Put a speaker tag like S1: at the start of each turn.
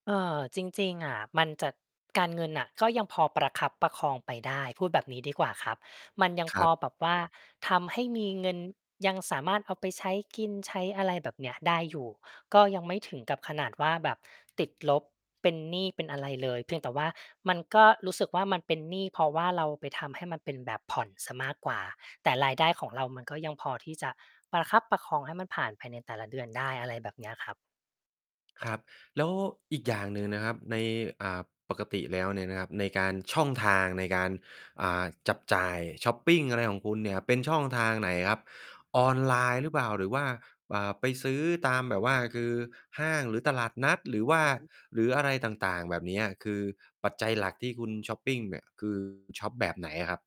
S1: เออ จริง ๆ อะมันจะ การเงินน่ะ ก็ยังพอประคับประคองไปได้ พูดแบบนี้ดีกว่าครับ มันยัง
S2: ค
S1: พ
S2: รั
S1: อ
S2: บ
S1: แบบว่าทำให้มีเงิน ยังสามารถเอาไปใช้กิน ใช้อะไรแบบเนี้ยได้อยู่ ก็ยังไม่ถึงกับขนาดว่า แบบติดลบ เป็นหนี้เป็นอะไรเลย เพียงแต่ว่ามันก็รู้สึกว่า มันเป็นหนี้ เพราะว่าเราไปทำให้มันเป็นแบบผ่อนเสียมากกว่า แต่รายได้ของเรามันก็ยังพอที่จะประคับประคองให้มันผ่านภายในแต่ละเดือนได้ อะไรแบบเนี้ยครับ
S2: ครับ แล้วอีกอย่างหนึ่งนะครับ ใน อ่า ปกติแล้วเนี่ยนะครับ ในการ ช่องทางในการ อ่า จับจ่ายชอปปิงอะไรของคุณเนี่ยเป็นช่องทางไหนครับ? ออนไลน์หรือเปล่า? หรือว่า อ่า ไปซื้อตามแบบว่า คือห้าง? หรือตลาดนัด? หรือว่า
S1: อือฮึ
S2: หรืออะไรต่าง ๆ แบบเนี้ย คือปัจจัยหลักที่คุณชอปปิงเนี่ย คือ คุณชอปแบบไหนอะครับ?